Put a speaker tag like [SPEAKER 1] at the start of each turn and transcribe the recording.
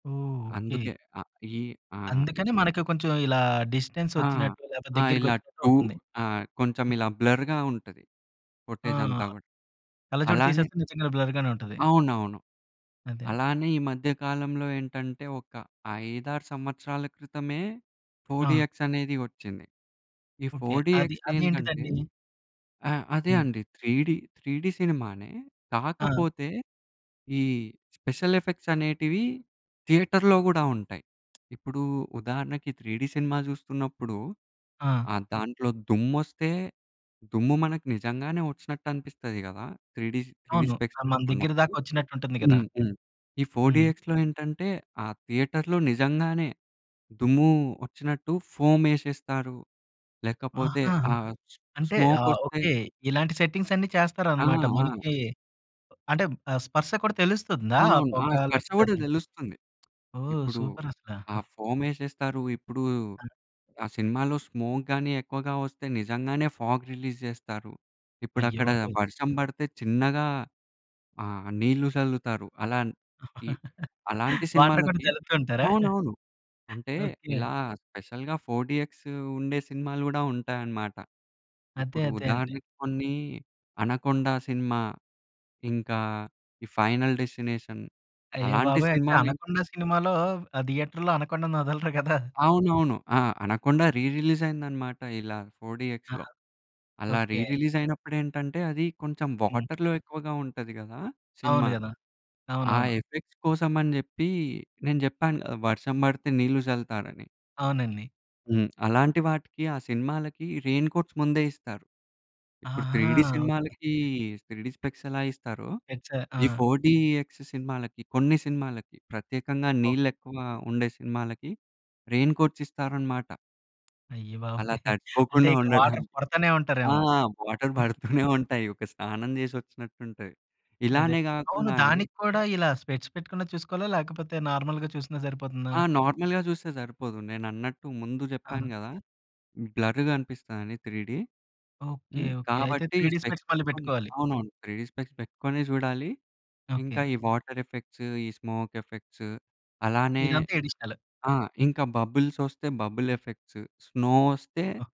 [SPEAKER 1] ఓహ్! Okay.
[SPEAKER 2] అందుకే. ఆ! ఈ ఆ! ఇ
[SPEAKER 1] అందుకని మనకి కొంచెం ఇలా
[SPEAKER 2] ఆ!
[SPEAKER 1] డిస్టెన్సొచ్చినట్టు లేతే
[SPEAKER 2] ఆ! ఇలా
[SPEAKER 1] దెగ్గరికొచ్చినట్టు
[SPEAKER 2] టూర్
[SPEAKER 1] ఉంటుంది.
[SPEAKER 2] ఆ!
[SPEAKER 1] హ్మ్.
[SPEAKER 2] కొంచమిలా బ్లర్‌గా ఉంటది
[SPEAKER 1] ఆ!
[SPEAKER 2] ఫుట్టేజంతా గూడా.
[SPEAKER 1] కళ్ళజోడు
[SPEAKER 2] అలానే
[SPEAKER 1] తీసేస్తే నిజంగానే బ్లర్‌గానే ఉంటది.
[SPEAKER 2] అవునవును.
[SPEAKER 1] అదే.
[SPEAKER 2] అలానే ఈ మధ్య కాలంలో ఏంటంటే, ఒక 5, 6 సంవత్సరాల క్రితమే ఫోర్
[SPEAKER 1] ఆ!
[SPEAKER 2] డీఎక్స్ అనేది ఒచ్చింది. ఈ
[SPEAKER 1] ఓకే.
[SPEAKER 2] ఫోర్
[SPEAKER 1] అది
[SPEAKER 2] డీఎక్స్ దేనికంటే
[SPEAKER 1] అదేంటిదండీ?
[SPEAKER 2] ఆ! అదే
[SPEAKER 1] హ్మ్.
[SPEAKER 2] అండి, త్రీ‌డి, త్రీ‌డి సినిమానే,
[SPEAKER 1] ఆ!
[SPEAKER 2] కాకపోతే ఈ స్పెషలెఫెక్ట్సనేటివి థియేటర్‌లో గూడా ఉంటాయి. ఇప్పుడూ ఉదాహరణకి 3డీ సినిమా జూస్తున్నప్పుడు,
[SPEAKER 1] ఆ!
[SPEAKER 2] ఆహ్, దాంట్లో దుమ్మొస్తే, దుమ్ము మనకి నిజంగానే ఒచ్చినట్టనిపిస్తది గదా! 3డీ స్ 3డీ
[SPEAKER 1] అవును.
[SPEAKER 2] స్పెక్ట్స్
[SPEAKER 1] ఆహ్, మన దెగ్గిర
[SPEAKER 2] పెట్టుకున్నప్పుడు.
[SPEAKER 1] దాకొచ్చినట్టుంటుంది గదా!
[SPEAKER 2] హ్మ్. హ్మ్. ఈ ఫోర్
[SPEAKER 1] హ్మ్.
[SPEAKER 2] డీఎక్స్‌లో ఏంటంటే, ఆ థియేటర్‌లో నిజంగానే దుమ్మూ ఒచ్చినట్టు ఫోమేషేస్తారు, లేకపోతే
[SPEAKER 1] ఆహా!
[SPEAKER 2] ఆ
[SPEAKER 1] అంటే, ఆహ్,
[SPEAKER 2] స్మోకొస్తే
[SPEAKER 1] ఓకే. ఇలాంటి సెట్టింగ్సన్నీ
[SPEAKER 2] ఆ!
[SPEAKER 1] చేస్తారనమాట.
[SPEAKER 2] ఆ!
[SPEAKER 1] మనకీ ఆహ్, అంటే, స్పర్శ కూడా తెలుస్తుందా, ఆ
[SPEAKER 2] అవునవును. ఆ
[SPEAKER 1] పొగ
[SPEAKER 2] స్పర్శ
[SPEAKER 1] లేకపోతే
[SPEAKER 2] గూడా
[SPEAKER 1] అదని?
[SPEAKER 2] దెలుస్తుంది.
[SPEAKER 1] ఓహ్!
[SPEAKER 2] ఇప్పుడు
[SPEAKER 1] సూపరసల.
[SPEAKER 2] ఆ ఫోమేషేస్తారు. ఇప్పుడూ
[SPEAKER 1] ఆ!
[SPEAKER 2] ఆ సినిమాలో స్మోక్ గానీ ఎక్కువగా వస్తే, నిజంగానే ఫాగ్ రిలీజ్ జెస్తారు. ఇపుడక్కడా
[SPEAKER 1] అయ్యబాబోయ్!
[SPEAKER 2] వర్షం బడతే చిన్నగా ఆహ్, నీళ్ళు చల్లుతారు. అలాంటి, అలాంటి
[SPEAKER 1] వాటర్ కూడా
[SPEAKER 2] సినిమాలకి
[SPEAKER 1] జల్లుతూ ఉంటారా?
[SPEAKER 2] అవునవును. అంటే,
[SPEAKER 1] ఓకే.
[SPEAKER 2] ఇలా స్పెషల్‌గా 4 డీఎక్సూ ఉండే సినిమాలు గూడా ఉంటాయనమాట.
[SPEAKER 1] అదే.
[SPEAKER 2] ఇప్పుడు
[SPEAKER 1] అదే అండి.
[SPEAKER 2] ఉదాహరణకి కొన్నీ, 'అనకొండ', సినిమా ఇంకా ఈ 'ఫైనల్ డెస్టినేషన్' అలాంటి
[SPEAKER 1] అయ్యబాబోయ్! అయితే
[SPEAKER 2] సినిమాలేంకన్నీ.
[SPEAKER 1] 'అనకొండ' సినిమాలో ఆ థియేటర్‌లో అనకొండనొదలరు గదా!
[SPEAKER 2] అవునవును. ఆ! 'అనకొండ' రీ రిలీజయిందనమాట ఇలా ఫోర్
[SPEAKER 1] ఆ!
[SPEAKER 2] డీఎక్స్‌లో. అలా రీ
[SPEAKER 1] ఓకే.
[SPEAKER 2] రిలీజయినప్పుడేంటంటే, అదీ కొంచం
[SPEAKER 1] హ్మ్.
[SPEAKER 2] వాటర్‌లో ఎక్కువగా ఉంటది గదా
[SPEAKER 1] అవును
[SPEAKER 2] సినిమా.
[SPEAKER 1] గదా!
[SPEAKER 2] ఆ
[SPEAKER 1] అవునవును.
[SPEAKER 2] ఎఫెక్ట్స్ కోసమని జెప్పీ, నేను జెప్పాను గదా వర్షం బడితే నీళ్ళు జల్లుతారని.
[SPEAKER 1] అవునండి.
[SPEAKER 2] హ్మ్. అలాంటి వాటికి, ఆ సినిమాలకి రెయిన్ కోట్స్ ముందే ఇస్తారు. ఇప్పుడు త్రీ‌
[SPEAKER 1] ఆహా!
[SPEAKER 2] D
[SPEAKER 1] okay.
[SPEAKER 2] సినిమాలకీ 3డీ స్పెక్ట్సెలా ఇస్తారో,
[SPEAKER 1] ఎక్స ఆ!
[SPEAKER 2] ఈ 4 డీఎక్స్ సినిమాలకి, కొన్ని సినిమాలకి ప్రత్యేకంగా
[SPEAKER 1] ఓహ్!
[SPEAKER 2] నీళ్ళెక్కువా ఉండే సినిమాలకి రెయిన్ కోట్సిస్తారనమాట.
[SPEAKER 1] అయ్య బాబోయ్!
[SPEAKER 2] అలా
[SPEAKER 1] అంటే,
[SPEAKER 2] తడిసిపోకుండా
[SPEAKER 1] ఇక్కడ వాటర్
[SPEAKER 2] ఉండడానికి.
[SPEAKER 1] కొడతానే
[SPEAKER 2] ఆ!
[SPEAKER 1] ఉంటారేమో.
[SPEAKER 2] వాటర్
[SPEAKER 1] హుహు.
[SPEAKER 2] బడుతూనే ఉంటాయి. ఒక స్నానం చేసొచ్చినటుంటాయి.
[SPEAKER 1] అదే.
[SPEAKER 2] ఇలానే
[SPEAKER 1] అవును,
[SPEAKER 2] గాకుండా అండి
[SPEAKER 1] దానికి కూడా ఇలా స్పెక్ట్స్ పెట్టుకొనే చూసుకోవాలా, లేకపోతే నార్మల్‌గా చూసినా సరిపోతుందా?
[SPEAKER 2] ఆ! నార్మల్‌గా జూస్తే సరిపోదు. నేనన్నట్టు ముందు
[SPEAKER 1] ఆ!
[SPEAKER 2] జెప్పాను గదా! బ్లర్రుగపిస్తదిని 3డీ.
[SPEAKER 1] ఓకే.
[SPEAKER 2] హ్మ్.
[SPEAKER 1] ఓకే. అయితే,
[SPEAKER 2] కాబట్టీ,
[SPEAKER 1] త్రీ‌
[SPEAKER 2] ఈ
[SPEAKER 1] డీ
[SPEAKER 2] స్పెక్ట్స్
[SPEAKER 1] స్పెక్ట్స్ మళ్ళీ
[SPEAKER 2] పెట్టుకొని
[SPEAKER 1] పెట్టుకోవాలి.
[SPEAKER 2] అవునవును. 3డీ స్పెక్ట్స్ పెట్టుకొనే జూడాలి. ఇంకా
[SPEAKER 1] ఓకే.
[SPEAKER 2] ఈ వాటరెఫెక్ట్స్, ఈ స్మోకెఫెక్ట్స్ అలానే
[SPEAKER 1] ఇదంతా ఎడిషనల్.
[SPEAKER 2] ఆ! ఇంక బబుల్సొస్తే బబులెఫెక్ట్స్, స్నో ఒస్తే
[SPEAKER 1] ఓహ్!